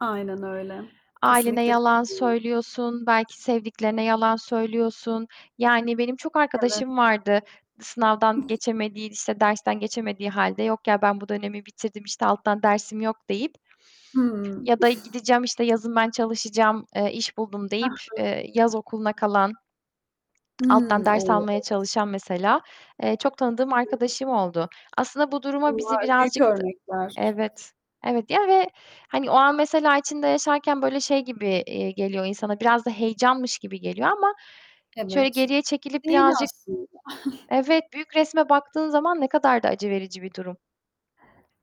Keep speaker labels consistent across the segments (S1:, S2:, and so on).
S1: Aynen öyle,
S2: Ailene
S1: kesinlikle
S2: yalan
S1: katılıyorum.
S2: söylüyorsun, belki sevdiklerine yalan söylüyorsun. Yani benim çok
S1: Evet.
S2: arkadaşım vardı sınavdan geçemediği, işte, dersten geçemediği hâlde, yok ya ben bu dönemi bitirdim, işte, alttan dersim yok deyip
S1: Hıı.
S2: ya da gideceğim, işte, yazın ben çalışacağım, eee, iş buldum
S1: He
S2: deyip,
S1: he.
S2: eee, yaz okuluna kalan, alttan
S1: Hıı,
S2: ders
S1: o!
S2: almaya çalışan mesela, eee, çok tanıdığım
S1: I hı.
S2: arkadaşım oldu. Aslında bu duruma bizi
S1: Bunlar büyük
S2: birazcık tı
S1: örnekler.
S2: Evet, evet ya ve hani o an mesela içinde yaşarken böyle şey gibi, eee, geliyor insana, biraz da heyecanmış gibi geliyor ama şöyle
S1: Evet.
S2: geriye çekilip
S1: Değil
S2: birazcık
S1: aslında.
S2: Evet büyük resme baktığın zaman ne kadar da acı verici bir durum.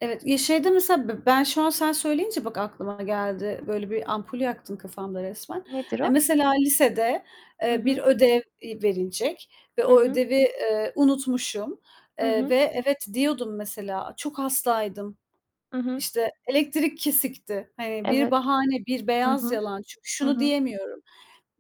S1: Evet, ya şeyde mesela be ben şu an sen söyleyince bak aklıma geldi. Böyle bir ampul yaktın kafamda resmen.
S2: Nedir
S1: Eee,
S2: o?
S1: mesela lisede,
S2: Hı
S1: eee, bir
S2: hı.
S1: ödev, eee, verilecek ve
S2: Hı
S1: o
S2: hı.
S1: ödevi, eee, unutmuşum,
S2: Hı
S1: eee,
S2: hı.
S1: ve evet, diyordum mesela çok hastaydım,
S2: Hı hı.
S1: işte, elektrik kesikti. Hani bir
S2: Evet.
S1: bahane, bir
S2: Hı
S1: beyaz
S2: hı.
S1: yalan. Çünkü
S2: Hı
S1: şunu
S2: hı.
S1: diyemiyorum: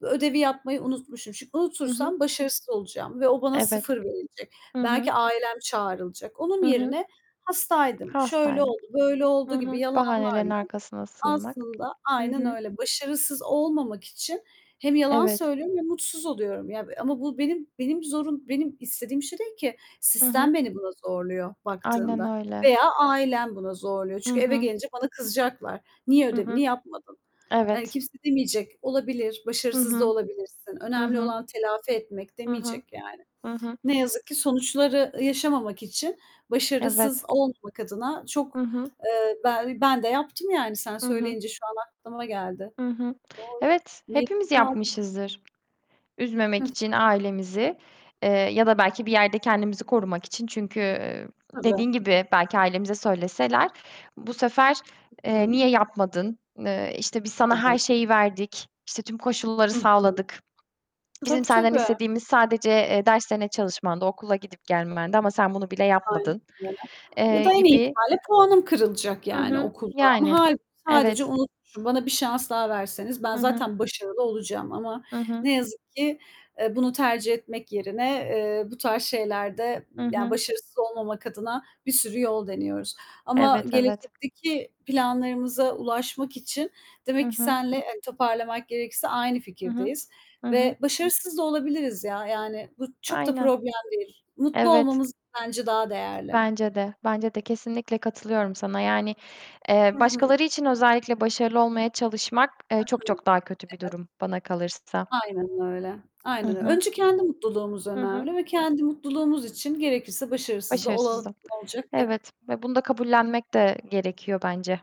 S1: "Ödevi yapmayı unutmuşum." Çünkü
S2: Hı hı.
S1: unutursam başarısız olacağım ve o bana
S2: Evet.
S1: 0 verilecek.
S2: Hı hı.
S1: Belki ailem çağrılacak. Onun
S2: Hı hı.
S1: yerine hastaydım, şöyle
S2: Hastaydım.
S1: oldu, böyle
S2: Hı
S1: oldu gibi
S2: hı. Bahanelerin
S1: yalanlarla
S2: arkasına sığınmak.
S1: aslında
S2: Hı
S1: Aynen
S2: hı.
S1: öyle, başarısız olmamak için hem yalan
S2: Evet.
S1: söylüyorum ve mutsuz oluyorum ya, b eee, ama bu benim benim zorun benim istediğim şey değil ki.
S2: Hı hı.
S1: Sistem beni buna zorluyor
S2: Aynen
S1: baktığında
S2: öyle.
S1: veya ailem buna zorluyor.
S2: Hı
S1: Çünkü eve
S2: hı.
S1: gelince bana kızacaklar. "Niye
S2: Hı
S1: ödevini
S2: hı.
S1: yapmadın?" Hani
S2: Evet.
S1: kimse demeyecek. "Olabilir,
S2: Hı
S1: başarısız da
S2: hı.
S1: olabilirsin.
S2: Hı
S1: Önemli
S2: hı.
S1: olan telafi etmek."
S2: Hı hı.
S1: demeyecek yani.
S2: Hı hı.
S1: Ne yazık ki sonuçları yaşamamak için başarısız
S2: Evet.
S1: olmamak adına çok
S2: Hı hı.
S1: eee, ben ben de yaptım yani sen
S2: Hı hı.
S1: söyleyince şu an aklıma geldi.
S2: Hı hı.
S1: Doğru,
S2: Evet,
S1: mecbur
S2: hepimiz
S1: kaldım.
S2: yapmışızdır
S1: Hı
S2: üzmemek
S1: hı.
S2: için ailemizi, eee, ya da belki bir yerde kendimizi korumak için çünkü, eee,
S1: Tabii.
S2: dediğin gibi, belki ailemize söyleseler, bu sefer,
S1: I
S2: eee,
S1: hı.
S2: "Niye yapmadın? Eee, işte, biz sana her
S1: Evet.
S2: şeyi verdik, işte, tüm koşulları
S1: Hı hı.
S2: sağladık. Bizim
S1: Tabii,
S2: senden
S1: tabii.
S2: istediğimiz sadece, eee, derslerine çalışmandı, okula gidip gelmendi ama sen bunu bile
S1: Aynen
S2: yapmadın."
S1: öyle ya
S2: Eee,
S1: da en iyi
S2: gibi
S1: ihtimalle puanım kırılacak
S2: Hı
S1: yani
S2: hı,
S1: okulda ama
S2: yani
S1: halbuki sadece
S2: evet.
S1: unutmuşum bana bir şans daha verseniz ben
S2: Hı hı.
S1: zaten başarılı olacağım ama
S2: Hı hı.
S1: ne yazık ki, eee, bunu tercih etmek yerine, eee, bu tarz şeylerde,
S2: Hı
S1: yani
S2: hı.
S1: başarısız olmamak adına bir sürü yol deniyoruz ama
S2: Evet, evet.
S1: gelecekteki planlarımıza ulaşmak için
S2: Hı
S1: demek ki
S2: hı.
S1: senle hani toparlamak gerekirse aynı
S2: Hı hı.
S1: fikirdeyiz
S2: Hı hı.
S1: ve başarısız da olabiliriz ya, yani bu çok da
S2: Aynen.
S1: problem değil. Mutlu
S2: Evet.
S1: olmamız bence daha değerli.
S2: Bence de bence de kesinlikle katılıyorum sana yani, eee,
S1: Hı hı.
S2: başkaları için özellikle başarılı olmaya çalışmak, eee,
S1: Hı
S2: çok,
S1: hı.
S2: çok daha kötü bir
S1: Evet.
S2: durum bana kalırsa.
S1: Aynen öyle.
S2: I
S1: Aynen öy
S2: hı.
S1: Önce kendi mutluluğumuz
S2: Hı hı.
S1: önemli ve kendi mutluluğumuz için gerekirse başarısız da olalım,
S2: Başarısızım.
S1: ne olacak ki?
S2: Evet ve bunu da kabullenmek de gerekiyor bence.